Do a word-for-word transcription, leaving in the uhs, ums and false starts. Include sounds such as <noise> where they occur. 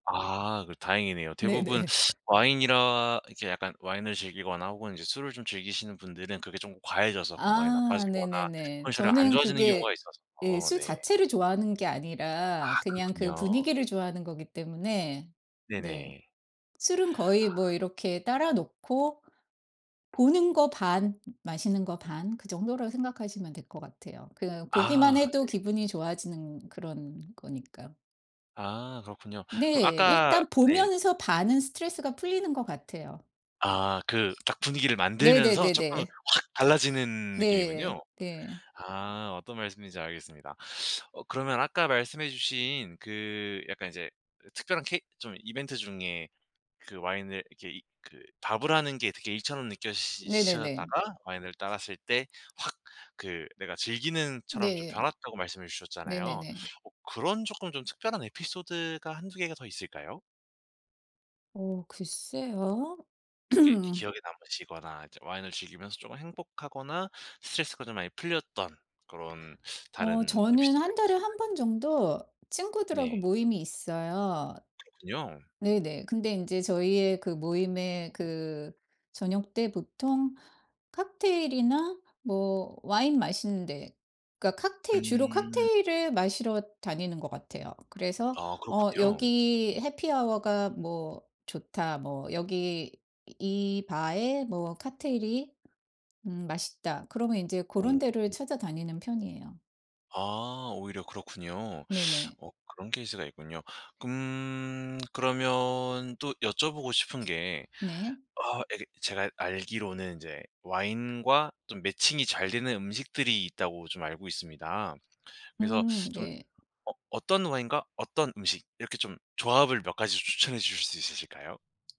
아. 그 다행이네요. 대부분 네네. 와인이라 이렇게 약간 와인을 즐기거나 혹은 이제 술을 좀 즐기시는 분들은 그게 좀 과해져서 건강이 아 나빠지거나 네네네. 컨디션이 안 저는 좋아지는 경우가 그게 예 있어서 술 네. 자체를 좋아하는 게 아 아니라 그냥 그 그렇군요. 분위기를 좋아하는 거기 때문에 네. 네네. 술은 거의 뭐 아. 이렇게 따라 놓고 보는 거 반 마시는 거 반 그 정도라 생각하시면 될 것 같아요. 그냥 보기만 아. 해도 네. 기분이 좋아지는 그런 거니까요. 아. 그렇군요. 그럼 네. 아까 일단 네. 보면서 반은 스트레스가 풀리는 것 같아요. 아. 그 딱 분위기를 만들면서 쪼끔 네네네네. 확 달라지는 네 느낌이군요. 네. 아. 어떤 말씀인지 알겠습니다. 어 그러면 아까 말씀해 주신 그 약간 이제 으 특별한 케이 좀 이벤트 중에 그 와인을 이렇게 이 그 밥을 하는 게 일처럼 느껴지시 시 네네네. 셨다가 와인을 따랐을 때 확 그 내가 즐기는 처럼 좀 네. 변핬다고 말씀해 주셨잖아요. 네네네. 어 그런 쪼끔 좀 특별한 에피소드가 한두 개가 더 있을까요? 어 글쎄요. 이렇게 기 <clears throat> 기억에 남으시거나 이제 와인을 즐기면서 좀 행복하거나 스트레스가 좀 많이 풀렸던 그런 어 다른 저는 에피소드가 한 달에 한 있으실까요? 번 정도 친구들하고 네. 모임이 있어요. 그렇군요. 네네. 근데 인제 저희의 그 모임에 그 저녁때 보통 칵테일이나 뭐 와인 마시는 데. 그러니까 칵테일 주로 음. 칵테일을 마시러 다니는 것 같아요. 그래서 아. 어 그렇군요. 여기 해피아워가 뭐 좋다, 뭐 여기 이 바에 뭐 칵테일이 음 맛있다 그러면 이제 어. 고런 데를 음. 찾아다니는 편이에요. 아. 오히려 그렇군요. 네네. 어 그런 케이스가 있군요. 금 그러면 또 여쭤보고 싶은 게 네. 아 예 제가 알기로는 이제 와인과 좀 매칭이 잘 되는 음식들이 있다고 좀 알고 있습니다. 그래서 음. 좀 네. 어 어떤 와인과 어떤 음식 이렇게 좀 조합을 몇 가지 추천해 주실 수 있으실까요?